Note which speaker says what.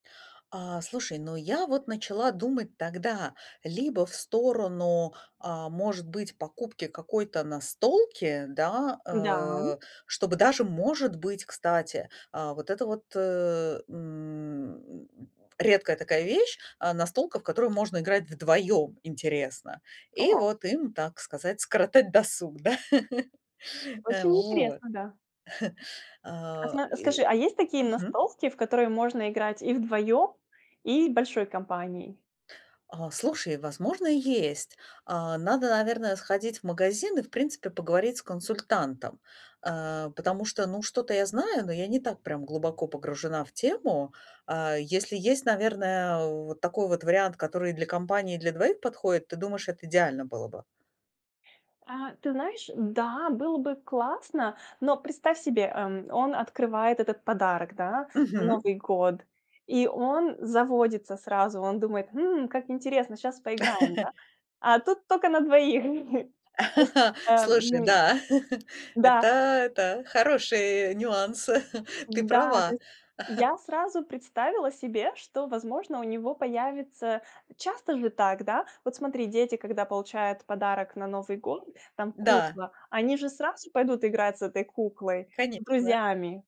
Speaker 1: А, слушай, ну, я вот начала думать тогда либо в сторону, а, может быть покупки какой-то настолки, да.
Speaker 2: Да.
Speaker 1: А, чтобы даже может быть, кстати, а, вот это вот, э, м, редкая такая вещь, а, настолка, в которую можно играть вдвоем интересно, и
Speaker 2: О!
Speaker 1: вот им, так сказать, скоротать досуг, да. А
Speaker 2: Очень
Speaker 1: вот.
Speaker 2: интересно, да. А
Speaker 1: А,
Speaker 2: смо а скажи,
Speaker 1: ы
Speaker 2: а есть такие
Speaker 1: Мгм.
Speaker 2: ностолки, в которые можно играть и вдвоем, и большой компанией?
Speaker 1: А, слушай, возможно, и есть. А, надо, наверное, сходить в магазин и, в принципе, поговорить с консультантом. А, потому что, ну, что-то я знаю, но я не так прям глубоко погружена в тему. А, если есть, наверное, вот такой вот вариант, который и для компании и для двоих подходит, ты думаешь, это идеально было бы?
Speaker 2: А, ты знаешь, да, было бы классно, но представь себе, эм, он открывает этот подарок, да, на
Speaker 1: Мгм.
Speaker 2: Новый год. И он заводится сразу, он думает: хм, как интересно, щас поиграем, да. А тут только на двоих. То есть, а,
Speaker 1: Слушай,
Speaker 2: м.
Speaker 1: да.
Speaker 2: Да.
Speaker 1: Это это хороший нюанс. Ты
Speaker 2: Да! То
Speaker 1: права.
Speaker 2: есть я сразу представила себе, что, возможно, у него появится часто же так, да? Вот смотри, дети, получают подарок на Новый год, там
Speaker 1: Да.
Speaker 2: кукла, они же сразу пойдут играть с этой куклой с
Speaker 1: Конечно.
Speaker 2: друзьями.